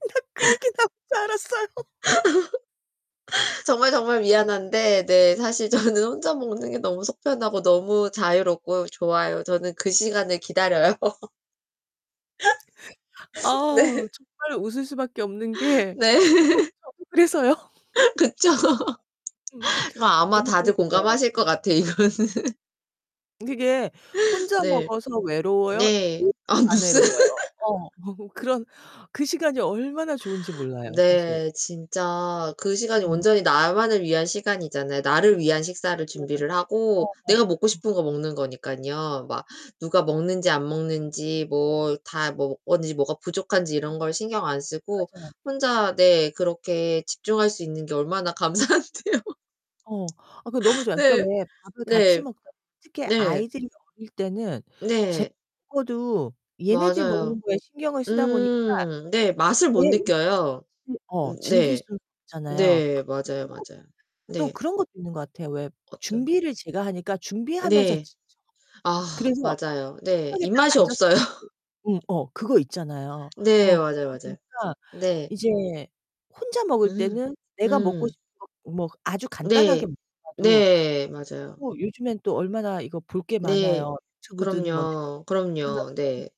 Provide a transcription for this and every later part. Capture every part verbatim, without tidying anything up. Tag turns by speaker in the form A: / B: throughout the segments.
A: 나 그 얘기 나올 줄 알았어요.
B: 정말, 정말 미안한데 네 사실 저는 혼자 먹는 게 너무 속 편하고 너무 자유롭고 좋아요. 저는 그 시간을 기다려요.
A: 아,
B: 네.
A: 정말 웃을 수밖에 없는 게 어
B: 네.
A: 그쵸. 그래서요?
B: 그쵸.
A: 음.
B: 그 아마
A: 너무
B: 다들
A: [unintelligible]
B: 공감하실 것 같아, 이거는.
A: 그게 혼자
B: 네.
A: 먹어서 외로워요?
B: 네.
A: [unintelligible]
B: 아
A: 안
B: 무슨?
A: 외로워요? 어 그런 그 시간이 얼마나 좋은지 몰라요 사실.
B: 네 진짜 그 시간이
A: 음.
B: 온전히 나만을 위한 시간이잖아요. 나를 위한 식사를
A: 맞아요, 맞
B: 준비를 하고
A: 어
B: 내가 먹고
A: 맞아요.
B: 싶은 거 먹는 거니깐요. 막 누가 먹는지 안 먹는지 뭐 다 뭐 어디지 뭐가 부족한지 이런 걸 신경 안 쓰고
A: 맞아요.
B: 혼자 네 그렇게 집중할 수 있는 게 얼마나 감사한데요.
A: 어, 어 그거 너무 좋아. 그니까
B: 네.
A: 왜 밥을 같이
B: 네.
A: 먹잖아요. 특히
B: 네.
A: 아이들이 어릴 때는 [unintelligible]
B: 네.
A: 먹어도 얘네들 먹는
B: 맞아요.
A: 거에 신경을 쓰다 보니까.
B: 음 네, 맛을 못
A: 내 음식
B: 느껴요.
A: 자체 어
B: 음.
A: 즐길
B: 네.
A: 수는 없잖아요.
B: 네,
A: 그리고
B: 맞아요, 맞아요.
A: 또 또
B: 네.
A: 그런 것도 있는 거 같아요. 왜
B: 어떤
A: 준비를 제가 하니까 준비하면서
B: 네.
A: 지쳐.
B: 아,
A: 그래서
B: 맞아요. 네,
A: 식탁에 딱
B: 입맛이
A: 앉았을
B: 없어요.
A: 때도 음 어 그거 있잖아요.
B: 네
A: 어
B: 맞아요,
A: 그러다
B: 맞아요.
A: 보니까
B: 네.
A: 이제 혼자 먹을
B: 음.
A: 때는 내가 먹고
B: 음.
A: 싶은 거 뭐 아주
B: 네.
A: 간단하게 먹더라도
B: 네. 맞아요.
A: 뭐 요즘엔 또 얼마나 이거 볼 게
B: 네.
A: 많아요. 유튜브든 뭐
B: 그럼요.
A: 넷플릭스든 하나
B: 그럼요. 네.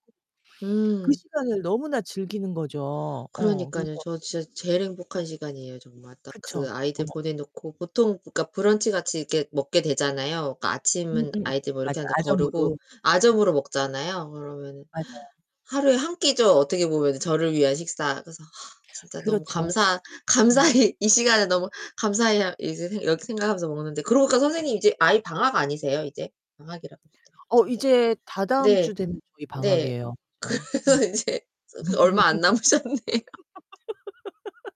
A: 틀어 놓고 그
B: 음.
A: 시간을 너무나 즐기는 거죠. 어, 그래서
B: 그러니까요. 저 진짜 제일 행복한 시간이에요. 정말 딱
A: 그쵸.
B: 그 아이들
A: 어머.
B: 보내 놓고 보통 그니까 브런치 같이 이렇게 먹게 되잖아요. 그니까 아침은
A: 음음
B: 아이들 뭐 이렇게
A: 맞아
B: 하는데
A: 아점으로.
B: 거르고 아점으로 먹잖아요. 그러면
A: 맞아요.
B: 하루에 한 끼죠. 어떻게 보면 저를 위한 식사. 그래서 아 진짜 너무
A: 그렇죠.
B: 감사
A: 음.
B: 감사히 이 시간을 너무 감사히 아 이제 이렇게 생각하면서 먹는데 그러고 보니까 선생님 이제 아이 방학 아니세요, 이제? 방학이라고 하셨던 것
A: 어,
B: 같은데.
A: 이제
B: 네.
A: 다다음주 되면 저희
B: 네.
A: 방학이에요. 맞아요. 음.
B: 그러면 이제 저 그 얼마 안 남으셨네요.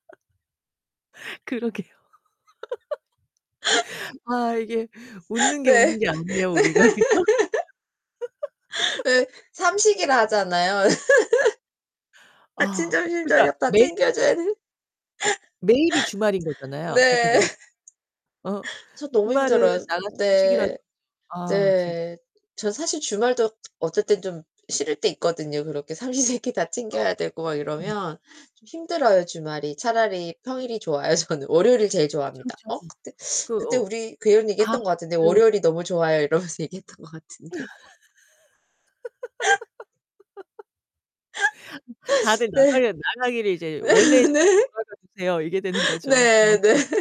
A: 그러게요. 아, 이게 웃는 게,
B: 네.
A: 웃는
B: 네.
A: 게 아니에요, 우리가. 그죠?
B: 왜 삼식이라 하잖아요. 아침,
A: 아
B: 점심,
A: 그러니까
B: 저녁 다
A: 매일
B: 챙겨줘야 돼.
A: 매일이 주말인 거잖아요, 그렇게
B: 네.
A: 되면. 어?
B: 저 너무
A: 주말은
B: 힘들어요.
A: 나가서 외식이라도
B: 네.
A: 하지. 아 진짜.
B: 네. 저 사실 주말도 어쩔 땐 좀 싫을 때 있거든요. 그렇게 삼시세끼 다
A: 어,
B: 챙겨야 되고 막
A: 그러니깐요.
B: 이러면 좀 힘들어요, 주말이. 차라리 평일이 좋아요. 저는 월요일을 제일
A: 그쵸,
B: 좋아합니다.
A: 그쵸.
B: 어? 그때
A: 그
B: 그때
A: 어
B: 우리 그런 얘기
A: 아
B: 했던 것 같은데
A: 그
B: "월요일이 너무 좋아요." 이러면서 얘기했던 것 같은데.
A: 다들
B: 네.
A: 나가려 나가기를 이제 원래 자리로
B: 네.
A: 돌아가 주세요. 이게 되는 거죠. 어.
B: 네네.